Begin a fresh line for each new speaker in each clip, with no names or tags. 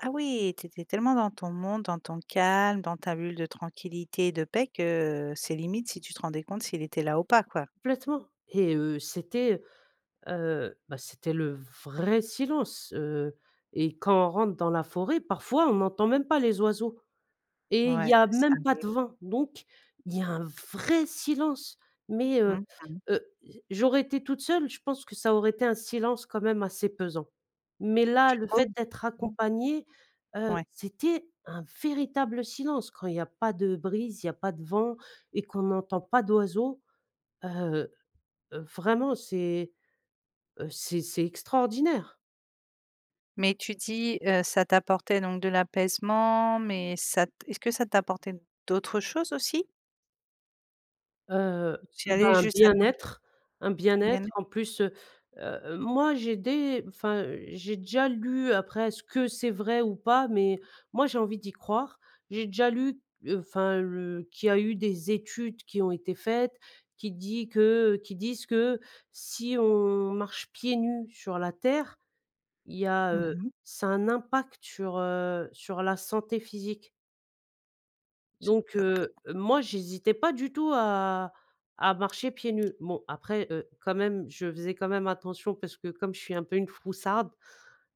Ah oui, tu étais tellement dans ton monde, dans ton calme, dans ta bulle de tranquillité et de paix que c'est limite si tu te rendais compte s'il était là ou pas, quoi?
Complètement. Et heu, c'était, heu heu, bah, c'était le vrai silence, heu, et quand on rentre dans la forêt, parfois, on n'entend même pas les oiseaux et il
Ouais.
y a même pas
[unintelligible]
de vent. Donc il y a un vrai silence. Mais heu
Mmh mh.
heu, j j'aurais été toute seule, je pense que ça aurait été un silence quand même assez pesant. Mais là,
Tu
le
trouves?
fait d'être
Mmh.
accompagnée, heu,
Ouais.
c'était un véritable silence quand il y a pas de brise, il y a pas de vent et qu'on n'entend pas d'oiseaux, heu heu, vraiment, c'est, heu, c'est c'est extraordinaire.
Mais tu dis, heu, ça t'apportait donc de l'apaisement, mais ça t est-ce que ça t'apportait d'autres choses aussi?
Heu,
Ou tu y
bah,
allais
un
juste, ça tranq
bien-être, un
Bien
bien-être
être.
en plus, heu heu, moi j'ai dé enfin j'ai déjà lu après est-ce que c'est vrai ou pas? Mais moi j'ai envie d'y croire, j'ai déjà lu, enfin, le qu'il y a eu des études qui ont été faites, qui dit que qui disent que si on marche pieds nus sur la terre, il y a,
Mmh
heu,
mh.
ça a un impact sur, heu, sur la santé physique.
Je
Donc
[unintelligible]
heu, moi, j'hésitais pas du tout à à marcher pieds nus. Bon après, heu, quand même, je faisais quand même attention parce que comme je suis un peu une froussarde,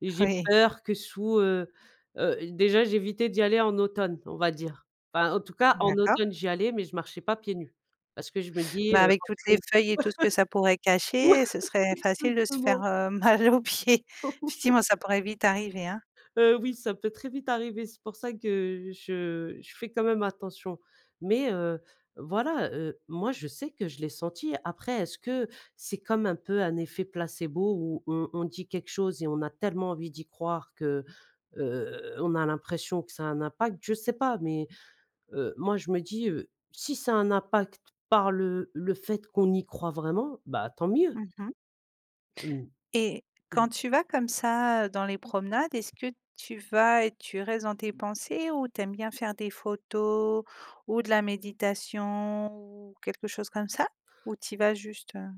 j'ai
Oui.
peur que sous, heu heu, déjà j'évitais d'y aller en automne, on va dire. Enfin en tout cas, en
D'accord.
automne, j'y allais, mais je marchais pas pieds nus. Parce que je me dis,
Bah,
heu,
avec toutes les
[unintelligible]
feuilles et tout ce que ça pourrait cacher, ce serait facile de se faire,
Exactement.
heu, mal aux pieds. Effectivement, ça pourrait vite arriver, hein.
Heu oui, ça peut très vite arriver, c'est pour ça que je je fais quand même attention. Mais heu, voilà heu, moi je sais que je l'ai senti. Après, est-ce que c'est comme un peu un effet placebo où on on dit quelque chose et on a tellement envie d'y croire que, heu, on a l'impression que ça a un impact? Je sais pas, mais, heu, moi je me dis, heu: «Si ça a un impact par le le fait qu'on y croit vraiment, bah, tant mieux».
Mmh mh.
Mmh.
Et quand
Mmh.
tu vas comme ça, dans les promenades, est-ce que tu vas et tu restes dans tes pensées ou tu aimes bien faire des photos ou de la méditation ou quelque chose comme ça ou tu y vas juste, heu?